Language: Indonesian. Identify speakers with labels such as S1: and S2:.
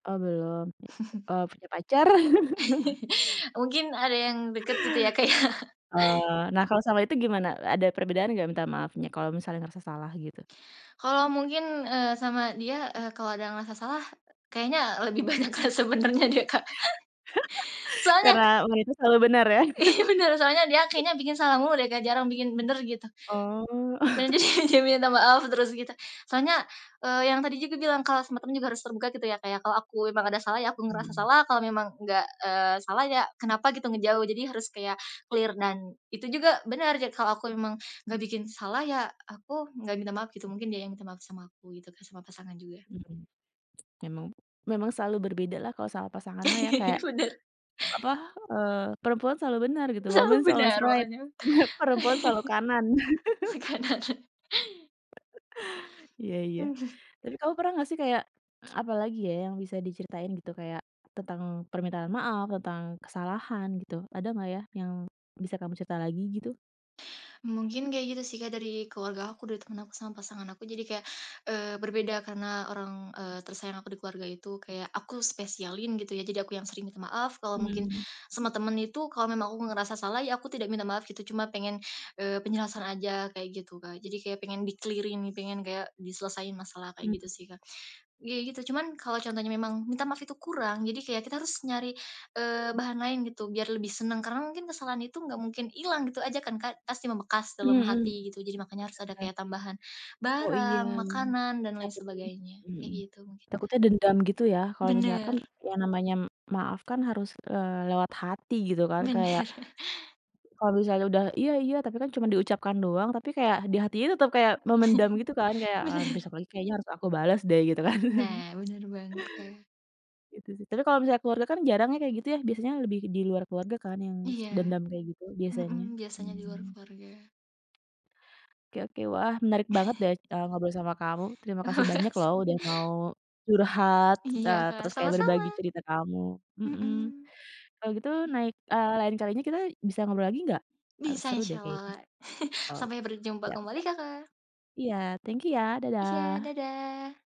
S1: Oh, belum. Eee, punya pacar?
S2: Mungkin ada yang deket gitu ya, Kak, ya.
S1: Oh. Nah, kalau sama itu gimana? E ada perbedaan enggak, minta maafnya, kalau misalnya ngerasa salah, gitu?
S2: Kalau mungkin, eee, sama dia, eee, kalau ada yang ngerasa salah, kayaknya lebih banyak, Kak, sebenarnya deh, Kak. Soalnya
S1: Karena wanita selalu benar, ya?
S2: Iya, bener. Soalnya dia kayaknya bikin salah mulu deh, Kak. Jarang bikin bener, gitu.
S1: Oh.
S2: Bener, jadi, dia minta maaf terus, gitu. Soalnya, eee, yang tadi juga bilang, kalau sama temen juga harus terbuka gitu ya, Kak, ya. Kalau aku memang ada salah, ya aku ngerasa
S1: Mhm.
S2: salah, kalau memang enggak, eee, salah ya kenapa, gitu, ngejauh. Jadi harus kayak klir dan itu juga bener ja kalau aku emang enggak bikin salah, ya aku enggak minta maaf, gitu. Mungkin dia yang minta maaf sama aku, gitu, Kak. Sama pasangan juga.
S1: Mhm. Memang. Memang selalu berbeda lah kalau sama pasangan, mah, ya. Kayak,
S2: Bener.
S1: apa, eee, perempuan selalu benar, gitu.
S2: Selalu
S1: Woman is always
S2: benar,
S1: right.
S2: makanya
S1: Perempuan selalu kanan.
S2: Kanan.
S1: Iya iya. Tapi kamu pernah enggak sih, kayak, apa lagi ya, yang bisa diceritain, gitu, kayak tentang permintaan maaf, tentang kesalahan, gitu. Ada enggak ya, yang bisa kamu cerita lagi, gitu?
S2: Mungkin kayak gitu sih, Kak, dari keluarga aku, dari temen aku sama pasangan aku. Jadi kayak, eee, berbeda karena orang, eee, tersayang aku di keluarga itu kayak aku spesialin, gitu ya. Jadi aku yang sering minta maaf. Kalau mungkin
S1: Mhm.
S2: sama temen itu, kalau memang aku nggak ngerasa salah, ya aku tidak minta maaf, gitu. Cuma pengen, eee, penjelasan aja, kayak gitu, Kak. Jadi kayak pengen diklirin nih, pengen kayak diselesaiin masalah, kayak gitu
S1: Mhm.
S2: sih, Kak. Iya, gitu. Cuman kalau contohnya memang minta maaf itu kurang, jadi kayak kita harus nyari, eee, bahan lain, gitu, biar lebih senang. Karena mungkin kesalahan itu enggak mungkin hilang gitu aja kan, Kak? Pasti membekas dalam
S1: Mhm. Bener
S2: hati, gitu. Jadi makanya harus ada
S1: bener.
S2: kayak tambahan
S1: Oh, iya.
S2: barang, makanan, dan lain
S1: Takutnya
S2: sebagainya.
S1: mhm.
S2: Kayak gitu mungkin, Kak.
S1: Takutnya dendam gitu, ya, kalau misalkan
S2: Bener.
S1: yang namanya maaf kan harus eee, lewat hati, gitu kan. Kayak
S2: Bener.
S1: kalau misalnya udah, "Iya iya," tapi kan cuma diucapkan doang, tapi kayak ha di hatinya tetap kayak memendam, gitu kan. Kayak, "Wah,
S2: Bener.
S1: besok lagi kayaknya harus aku balas deh," gitu kan.
S2: Nah, bener banget, Kak.
S1: Gitu, sih. Tapi kalau misalnya keluarga, karena jarang ya, kayak gitu ya. Biasanya lebih di luar keluarga kan, yang s
S2: Iya.
S1: dendam kayak gitu,
S2: Mhm,
S1: biasanya.
S2: biasanya di luar
S1: Mhm.
S2: keluarga.
S1: Oke oke. Wah, menarik banget deh, c eee, ngobrol sama kamu. Terima
S2: Ah,
S1: kasih banyak lo,
S2: mas
S1: udah mau curhat,
S2: Iya
S1: eee,
S2: Kak.
S1: terus kayak berbagi
S2: Sama-sama.
S1: cerita kamu. Mhm.
S2: Mhm.
S1: Kalau gitu naik eee, lain kalinya kita bisa ngobrol lagi enggak? Agak
S2: Bisa,
S1: seru deh,
S2: Insya
S1: kayaknya.
S2: Allah.
S1: Oke,
S2: Sampai berjumpa
S1: siap
S2: kembali,
S1: siap.
S2: Kakak.
S1: Iya thank you, ya.
S2: Iya,
S1: Dadah.
S2: dadah.